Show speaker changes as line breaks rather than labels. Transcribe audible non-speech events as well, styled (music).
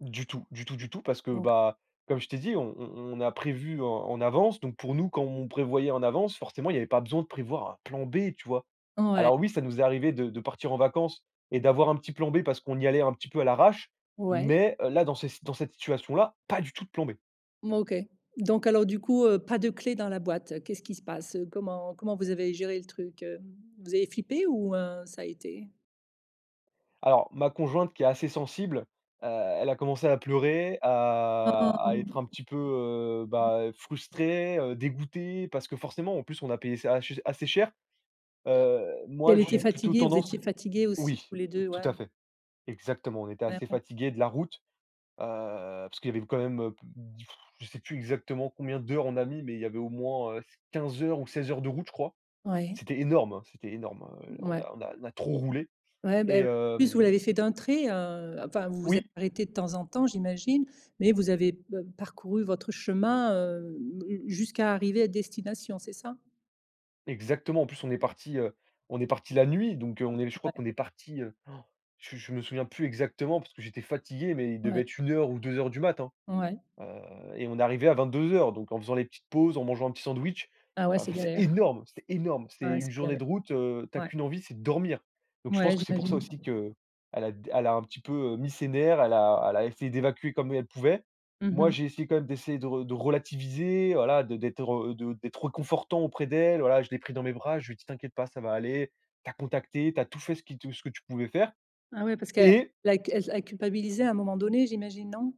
Du tout, du tout, du tout, parce que,
Donc
bah, comme je t'ai dit, on on on a prévu en en avance. Donc pour nous, comme on prévoyait en avance, forcément, il y avait pas besoin de prévoir un plan B, tu vois?
Ouais.
Alors oui, ça nous est arrivé de de partir en vacances et d'avoir un petit plan B parce qu'on y allait un petit peu à l'arrache,
Ouais.
mais, là dans cette s dans cette situation là, pas du tout de plan B.
M OK. Donc alors, du coup, heu, pas de clé dans la boîte, qu'est-ce qui se passe? Comment comment vous avez géré le truc, heu? Vous avez flippé ou, heu, ça a été?
Alors ma conjointe qui est assez sensible, heu, elle a commencé à pleurer, à à être
Oh.
un petit peu, heu, bah, frustrée, heu, dégoûtée, parce que, forcément, en plus, on a payé ça assez ch assez cher. Heu, moi
Elle était
j'ai plutôt
fatiguée. Vous étiez
tendance
fatigués aussi
oui
tous les 2.
tout
Ouais.
à fait. Exactement, on était
Ouais,
assez
ouais.
fatigués de la route, heu, parce qu'il y avait quand même, heu, b (blows air) je sais plus exactement combien d'heures on a mis, mais il y avait au moins, heu, 15 heures ou 16 heures de route, je crois.
Oui.
C'était énorme, hein, c'était énorme, heu, on
Ouais.
a on a on a trop roulé
Ouais,
et
bah, en plus, vous
hem
l'avez fait d'un trait, heu, enfin, vous vous êtes
Oui.
arrêtés de temps en temps j'imagine, mais vous avez p parcouru votre chemin, heu, j jusqu'à arriver à destination, c'est ça?
Exactement. En plus, on est partis, heu, on est partis la nuit donc, heu, on est je crois
Ouais.
qu'on est parti, heu, (gasps) je je me souviens plus exactement parce que j'étais fatigué mais il
Ouais.
devait être 1:00 ou 2:00 du mat, hein,
Ouais.
heu, et on est arrivés à 22:00 donc en faisant les petites pauses, en mangeant un petit sandwich,
Ah ouais,
heu,
c'est
enfin c'est
galère.
énorme, c'est énorme. C'est
Ouais, c'est
une journée
galère.
de route, heu, tu as
Ouais.
qu'une envie, c'est de dormir. Donc je pense
Ouais,
que c'est pour ça
j'imagine.
aussi qu'elle a d elle a un petit peu, heu, mis ses nerfs, elle a elle a essayé d'évacuer comme elle pouvait.
Mmh
Moi,
mh.
j'ai essayé quand même d'essayer de re de relativiser, voilà, de d'être, heu, de d'être réconfortant auprès d'elle. Voilà, je l'ai pris dans mes bras, je lui ai dit: «T'inquiète pas ça va aller, tu as contacté, tu as tout fait ce qui te ce que tu pouvais faire»
Ah oui, parce qu'elle a
et
la c elle elle culpabilisait à un moment donné, j'imagine, non?